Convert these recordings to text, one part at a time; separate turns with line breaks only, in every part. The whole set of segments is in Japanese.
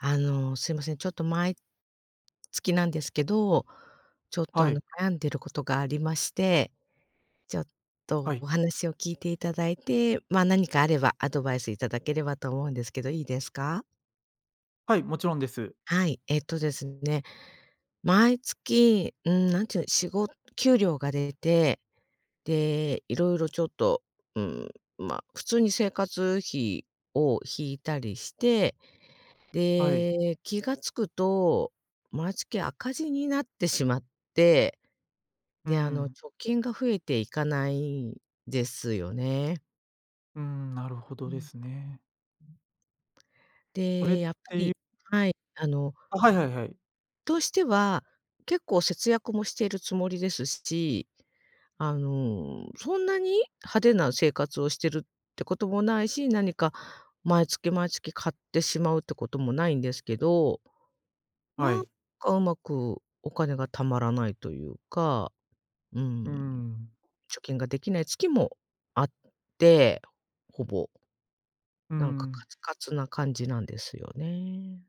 あの、すいません、ちょっと毎月なんですけど、ちょっと、
は
あ
い。
の、悩んでることがありまして。ちょっ
は
と
い。
お話を聞いていただいて、ま、何かあればアドバイスいただければと思うんですけどいいですか？
はい、もちろんです。
はい、えっとですね、毎月、うーん、なんていうの、しご給料が出て、で、色々ちょっと、うーん、まあ、普通に生活費を引いたりして、
はい。
で、気が付くと、毎月赤字になってしまって、
う
で、あの、
ん。
貯金が増えていかないんですよね。
うん、なるほ
う
どで
ん。
すね。これっ
で、やっぱ
ていう
りはい。あの
あ、はいはいはい。
としては、結構節約もしているつもりですし、あの、そんなに派手な生活をしてるってこともないし、何か毎月毎月買ってしまうってこともないんですけど。
は
なん
い。
かうまくお金が貯まらないというか、うーん。
うーん。
貯金ができない月もあって、ほぼ。
うー
なんかカ
ん。
ツカツな感じなんですよね。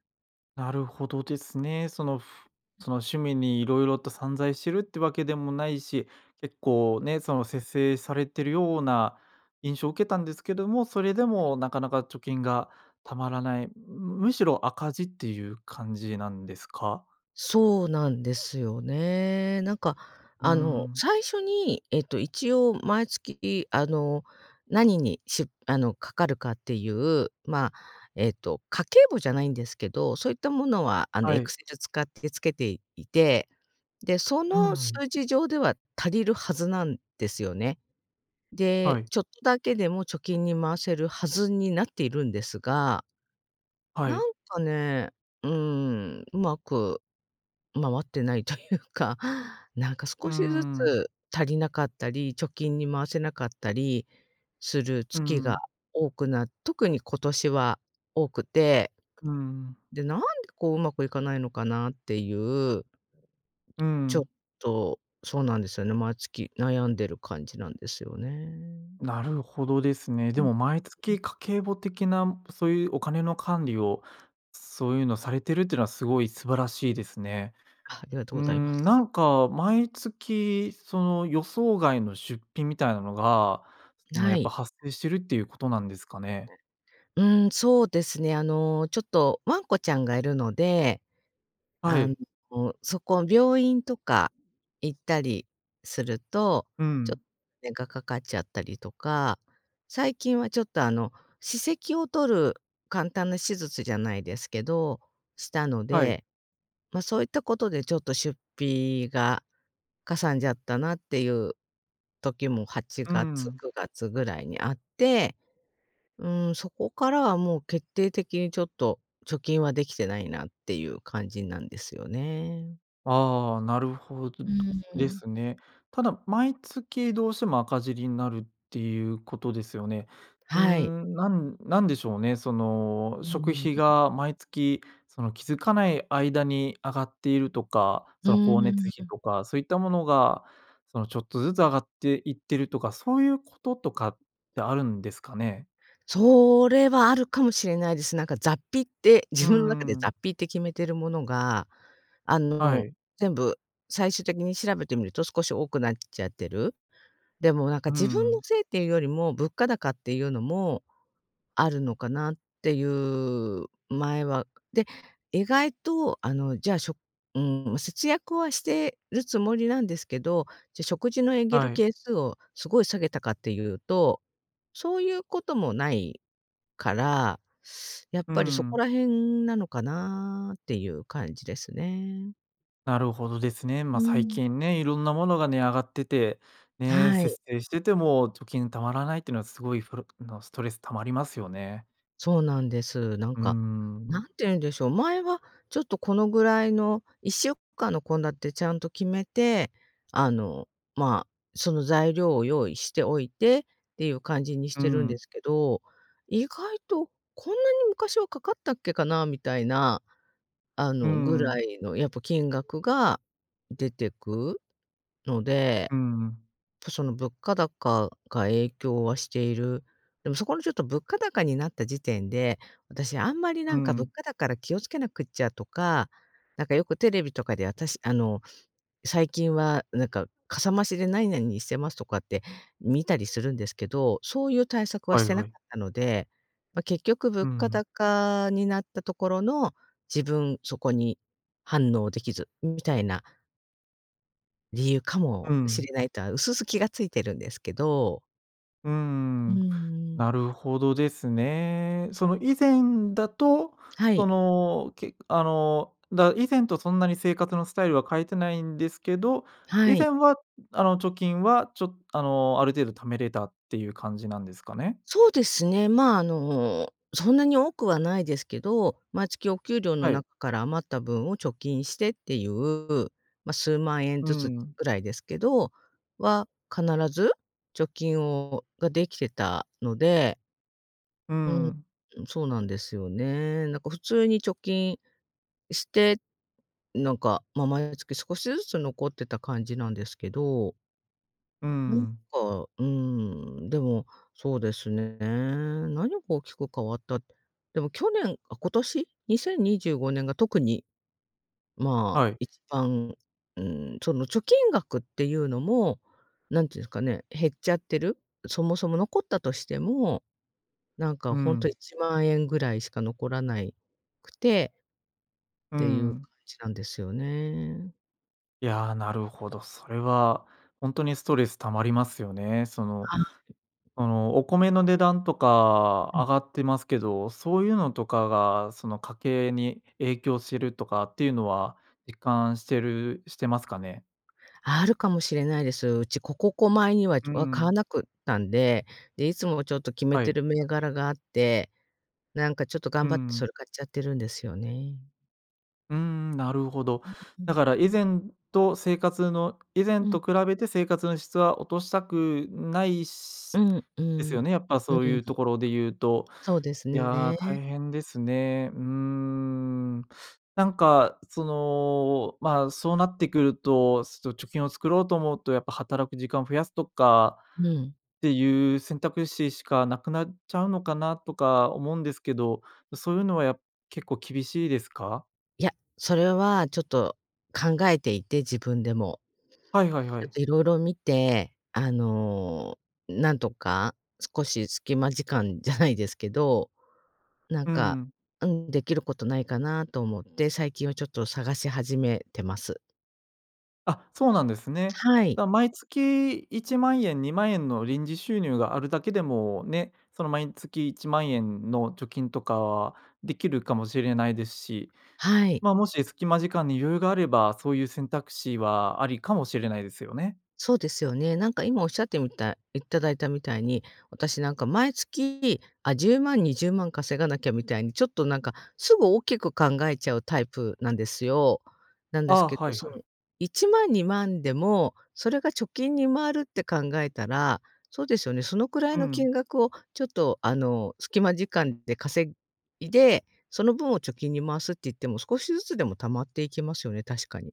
なるほどですね。そのふ
[unintelligible]
その趣味に色々と散財してるってわけでもないし、結構ね、その節制されているような印象を受けたんですけども、それで
はい。
もなかなか貯金が貯まらない。むしろ赤字っていう感じなんですか？
そうなんですよね。なんか
うー
あの
ん。
最初に、ええと一応毎月、あの何に、しゅあの掛かるかっていう、ま、えっと、家計簿じゃないんですけど、そういったものはあの
は
エク
い。
セル使ってつけていて。で、そ
う
の
ん。
数字上では足りるはずなんですよね。
は
で、
い。
ちょっとだけでも貯金に回せるはずになっているんですが。
は
な
い。
んかね、うーん。上手く回ってないというか。なんか
う
少
ー
しず
ん。
つ足りなかったり、貯金に回せなかったりする
う
月が
ん。
多くな特に今年は多くて。
うん。
で、なんでこう上手くいかないのかなっていう。
う
ちょっ
ん。
と、そうなんですよね、毎月悩んでる感じなんですよね。
なるほどですね。
う
で
ん。
も毎
うん。
月家計簿的な、そういうお金の管理を、そういうのされてるっていうのはすごい素晴らしいですね。
あ、ありがとう
うー
ございます。
ん、なんか毎月その予想外の出費みたいなのが、その
な
やっぱ
い。
発生してるっていうことなんですかね？
うん、そうですね、あの、ちょっとワンコちゃんがいるので。
は
あの、
い。
そこ病院とか行ったりすると、
う
ちょ、
ん。
ねがかかっちゃったりとか、最近はちょっとあの、歯石を取る簡単な手術じゃないですけど、したの
はい。
で、ま、そういったことでちょっと出費がかさんじゃったなっていう時もはち
う
がつ、
ん。
9月ぐらいにあって。うーん、そこからはもう決定的にちょっと貯金はできてないなっていう感じなんですよね。
ああ、なるほど
うー
で
ん。
すね。ただ毎月どうしても赤字になるっていうことですよね。うー
はい。
ん、なんなんでしょうね、その、
うん
食
うんう
費
ん。
が毎月、その、気づかない間に上がっているとか、
う
その光熱
ー
費
ん。
とかそういったものが、そのちょっとずつ上がっていってるとか、そういうこととかってあるんですかね？
それはあるかもしれないです。なんか雑費って、
う
自分の中で
んう
雑
ん。
費って決めてるものが、あ
は
の、
い。
全部、最終的に調べてみると、少し多くなっちゃってる。でもなんか
うー
自分の
ん。
せいっていうよりも、物価高っていうのもあるのかなっていう、前は。で、意外と、あの、じゃあしょうーん、節約はしてるつもりなんですけど、じゃ、食事のエンゲル
はい。
係数をすごい下げたかっていうと、そういうこともないから、やっ
うー
ぱりそこ
ん。
ら辺なのかなっていう感じですね。
なるほどですね。
う
ま、最
ーん。
近ね、いろんなものが値上がってて、ね、
はい。
節制してても貯金貯まらないっていうのはすごいふるのストレス溜まりますよね。
そうなんです。なん
うー
か、何て
ん。
言うんでしょう、前はちょっとこのぐらいの1週間の献立ちゃんと決めて、あの、ま、その材料を用意しておいてっていう感じにし
うー
てるんで
ん。
すけど「意外とこんなに昔はかかったっけかな」みたいな、あ
うー
の、ぐら
ん。
いのやっぱ金額が出てくので、
うーん。
その物価高が影響はしている。でもそこのちょっと物価高になった時点で、私あんまり
うー
なんか物
ん。
価高だから気を付けなくっちゃとか、なんかよくテレビとかで私あの、最近はなんか、かさ増しで何々にしてますとかって見たりするんですけど、そういう対策は
は
し
い
てな
は
か
い。
ったので、ま、結局
うー
物価
ん。
高になったところの、自分、そこに反応できず、みたいな。理由か
う
もし
ん。
れないとは薄々気が付いてるんですけど。
うー
うん
ん、
うん。
なるほどですね。その以前だと
は
そ
い。
のけ、あの、だ以前とそんなに生活のスタイルは変えてないんですけど、
は
以
い。
前はあの貯金はちょあのある程度貯めれたっていう感じなんですかね。
そうですね、まあ、あの、そんなに多くはないですけど、毎月お給料の
はい。
中から余った分を貯金してっていう、まあ数万円
う
ずつ
ん。
ぐらいですけどは、必ず貯金をができてたので。
う
う
ん。
ん、そうなんですよね。なんか普通に貯金して、なんか、まあ毎月少しずつ残ってた感じなんですけど。
う
なんか、
ん。
うーん、でも、そうですね。何が大きく変わった。でも去年、あ、今年2025年が特に、まあ、
はい。
一番、うーん、その貯金額っていうのも、何て言うんですかね、減っちゃってる。そもそも残ったとしても、なんか
う
本当い
ん。
ちまんえんぐらいしか残らないくて。
う
っていう
ん。
感じなんですよね。
いや、なるほど、それは、ほんとにストレス溜まりますよね。その
はあ。
その、お米の値段とか
う
上
ん。
がってますけど、そういうのとかが、その家計に影響してるとかっていうのは実感してるしてますかね？
あるかもしれないです。うち、古古古米には
うー
は買わ
ん。
なくったんで、で、いつもちょっと決め
は
て
い。
る銘柄があって、なんかちょっと
うー
頑張ってそ
ん。
れ買っちゃってるんですよね。
うーん、なるほど、
うんう
だ
ん。
から以前と生活の以前
うん。
と比べて生活の質は落としたくない
う
し
んう
ですよ
ん。
ね。やっぱ
う
そう
ー
い
ん。
うところで言うと、
そうです
いや、
ね。
大変ですね、うーん。なんか、その、まあ、そうなってくると、そ貯金を作ろうと思うと、やっぱ働く時間を増やすとか
うん。
っていう選択肢しかなくなっちゃうのかなとか思うんですけど、そういうのは、や結構厳しいですか？
いや、それはちょっと考えていて、自分でも。
はいはいは
ちょっ
い。
と色々見て、あの、なんとか少し隙間時間じゃないですけど、なん
う
か、
ん。
あん、できることないかなと思って、最近はちょっと探し始めてます。
あ、そうなんですね。
はい。
じゃ、毎月1万円、2万円の臨時収入があるだけでもね、その、毎月1万円の貯金とかはできるかもしれないですし、
はい。
ま、もし隙間時間に余裕があれば、そういう選択肢はありかもしれないですよね。
そうですよね。なんか、今おっしゃってみたいいただいたみたいに、私、なんか、毎月、あ、10万、20万稼がなきゃみたいに、ちょっと、なんか、すぐ大きく考えちゃうタイプなんですよ。なん
あ
です
あ。
け
は
ど、
い
そ
はい。
の1万、2万でもそれが貯金に回るって考えたら、そうですよね、そのくらい
う
の
ん。
金額を、ちょっと、あの、隙間時間で稼いで、その分を貯金に回すって言っても、少しずつでも貯まっていきますよね、確かに。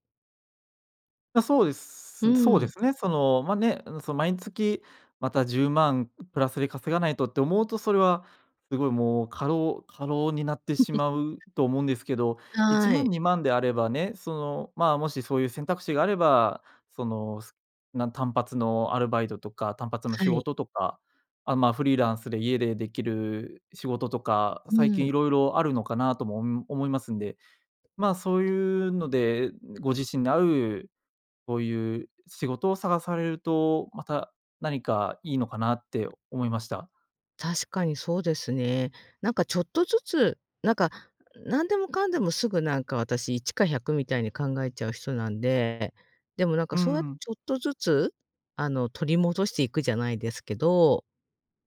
そうで
う
すそう
ー
で
ん。
すね。その、ま、ね、その毎月また10万プラスで稼がないとって思うと、それはすごい、もう、過労過労になってしまう と思うんですけど、いち
は
ま
い。
ん、2万であればね、その、ま、もしそういう選択肢があれば、そのすなん単発のアルバイトとか単発の
は
仕
い。
事とか、あ、ま、フリーランスで家でできる仕事とか、
う
最
ーん。
近いろいろあるのかなとも、ん、思いますんで、ま、そういうのでご自身に合う、こういう仕事を探されると、また何かいいのかなって思いました。
確かにそうですね。なんかちょっとずつ、なんか何でもかんでもすぐ、なんか私一か百みたいに考えちゃう人なんで。でもなんか
う
そうやって
ん。
ちょっとずつ、あの取り戻していくじゃないですけど、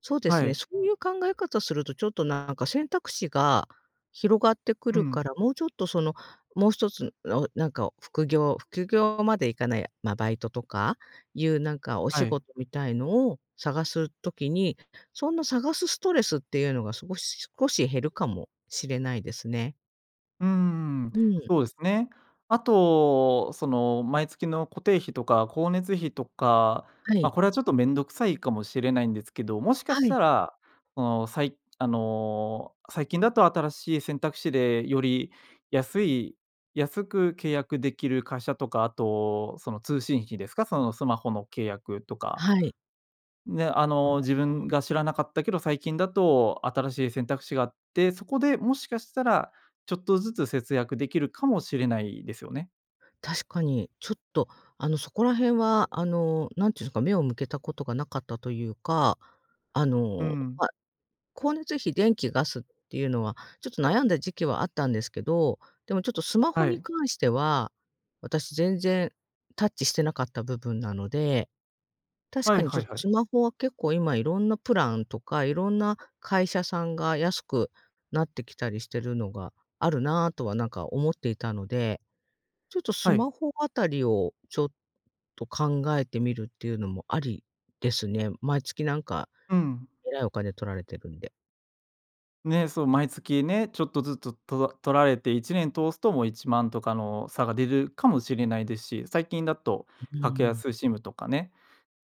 そうで
は
すね、
い。
そういう考え方すると、ちょっとなんか選択肢が広がってく
う
るか
ん。
ら、もうちょっとその、もう一つ、らなんか副業副業までいかないや、ま、バイトとか、いうなんかお
は
仕
い。
事みたいのを探す時に、そんな探すストレスっていうのがすごし少し減るかもしれないですね。
うんうんうん、
うん。
そうですね。あと、その毎月の固定費とか光熱費とか、
は
ま、
い。
これはちょっと面倒くさいかもしれないんですけど、もしか
は
し
い。
たら、その、さいあの最近だと新しい選択肢でより安い安く契約できる会社とか、あとその通信費ですか、そのスマホの契約とか。
はい。
ね、あ
う
の、自
なん
分
か
が知らなかったけど、最近だと新しい選択肢があって、そこでもしかしたらちょっとずつ節約できるかもしれないですよね。
確かに、ちょっと、あの、そこら辺は、あの、何て言うんすか、目を向けたことがなかったというか、あ
う
の、
ん。
ま、光熱費、電気、ガスっていうのは、ちょっと悩んだ時期はあったんですけど、でもちょっとスマホ
は
に
い。
関しては、私全然タッチしてなかった部分なので、確
は
か
い
にち
は
ょっ
い
と
はい。
スマホは結構今色んなプランとか、色んな会社さんが安くなってきたりしてるのが、あるなとはなんか思っていたので、ちょっとス
は
マ
い。
ホあたりを、ちょっと考えてみるっていうのもありですね。毎月なんか、
うん。
えらいお金取られてるんで。
ね、そう、毎月ね、ちょっとずつとら取られて1年通すともう1万とかの差が出るかもしれないですし、最近だと、
うう
格
ん。
安 SIM とかね、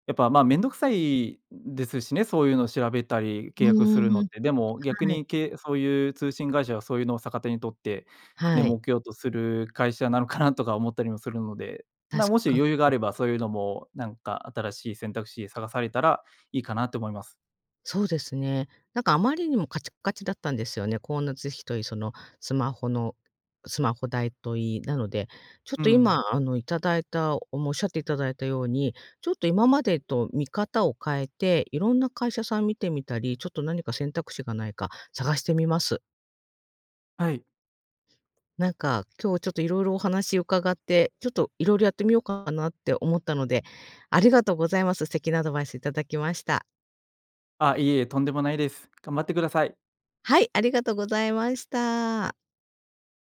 やっぱ、まあ、めんどくさいですしね、そういうの調べたり、
う
契約するの
ー
っ
ん、
て。でも逆
はい。
にけいそういう通信会社は、そういうのを逆手に取って、ね、
はい。
儲けようとする会社なのかな？とか思ったりもするので、ま
確
あ、もし
か
余裕があ
に。
ればそういうのも、なんか新しい選択肢探されたらいいかなって思います。
そうですね。なんかあまりにもカチカチだったんですよね。光熱費といいそのスマホの、スマホ代といい、なので、ちょっ
う
と
ん。
今、あの、頂いたおもしゃっていただいたように、ちょっと今までと見方を変えて、色んな会社さん見てみたり、ちょっと何か選択肢がないか探してみます。
はい。
なんか、今日ちょっといろいろお話伺って、ちょっと色々やってみようかなって思ったので、ありがとうございます。素敵なアドバイスいただきました。
あ、いえいえ、とんでもないです。頑張ってください。
はい、ありがとございました。